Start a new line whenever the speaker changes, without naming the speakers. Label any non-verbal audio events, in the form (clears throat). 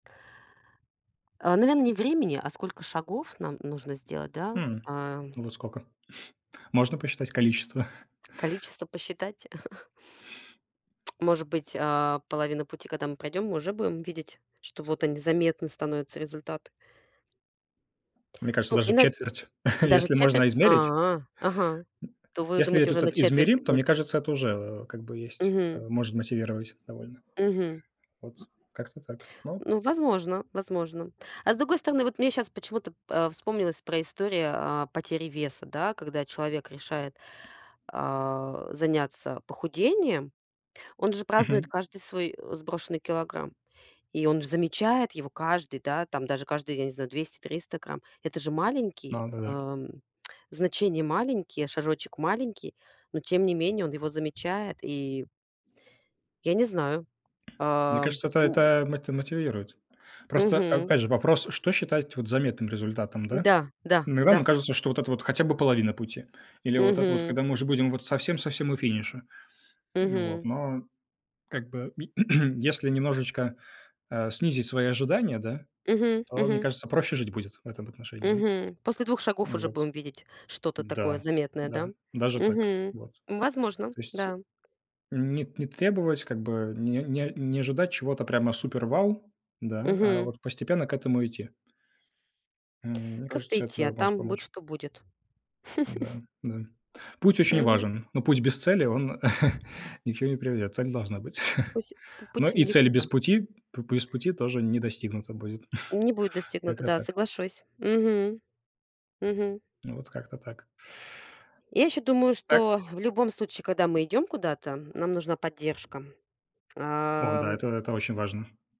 А, наверно, не времени, а сколько шагов нам нужно сделать, да?
Мгм.
А?
Вот сколько? (chuckles) Можно посчитать количество?
Количество посчитать. (chuckles) Может быть, а, половина пути, когда мы пройдем, мы уже будем видеть, что вот они заметны становятся результаты.
Мне кажется,
Ну,
даже
ина
четверть, (chuckles)
удаже
если
четверть?
можно измерить. М,
А. Ага, то вы
если
думаете, уже
этот
на
так
четверти
измерим, то,
будет.
мне кажется, это уже, э, как бы есть, а
Мгм.
может мотивировать довольно.
Мгм.
Вот как-то так. Ну.
Ну, возможно возможно. А с другой стороны, вот мне щас почему-то п а, вспомнилась про историю о потери веса, да, когда человек решает, а, заняться похудением. Он же празднует
Мгм.
каждый свой, э, сброшенный килограмм, и он же замечает его каждый, да, там даже каждый, я не знаю, 200-300 грамм. Это же маленький,
Надо, да.
ам, значение маленькие, шажочек маленький, но тем не менее он его замечает. И Я не знаю.
Мне
Ам,
кажется, это
м
это мот мотивирует. Просто,
Мгм.
опять же, вопрос, что считать вот заметным результатом, да?
Да, да,
Иногда
да.
нам кажется, что вот это вот хотя бы половина пути. Или вот это вот,
Мгм.
когда мы уже будем вот совсем-совсем у финиша. Ну вот,
Мгм.
но, как бы, (clears throat) если немножечко, а, снизить свои ожидания, да,
Мгм,
то, мне
мгм.
кажется, проще жить будет в этом отношении, да.
Мгм. После 2 шагов
М,
уже
вот,
будем видеть что-то такое
да
заметное, да?
да, даже так.
Мгм.
Вот.
Возможно,
То есть
да.
н не не требовать, как бы, не не не ожидать чего-то прямо супер-вау, да, а
Мгм.
вот постепенно к этому идти. М, мне
Просто
кажется,
идти,
это
а
может
там будь
помочь.
что будет. (chuckles)
Да, да. Путь очень
Мгм.
важен, но путь без цели он (chuckles) ни к чему не приведет, цель должна быть. (chuckles)
Пусь пу
Но
путь в
и цель без
никуда.
пути, п без пути тоже не достигнута будет.
Не будет
(chuckles)
достигнуто,
Как-то
да,
так.
соглашусь. Мгм. Мгм.
Вот как-то так. (chuckles)
Я ещё думаю, что
Так
в любом случае, когда мы идём куда-то, нам нужна поддержка.
О да,
Ам
это это очень важно.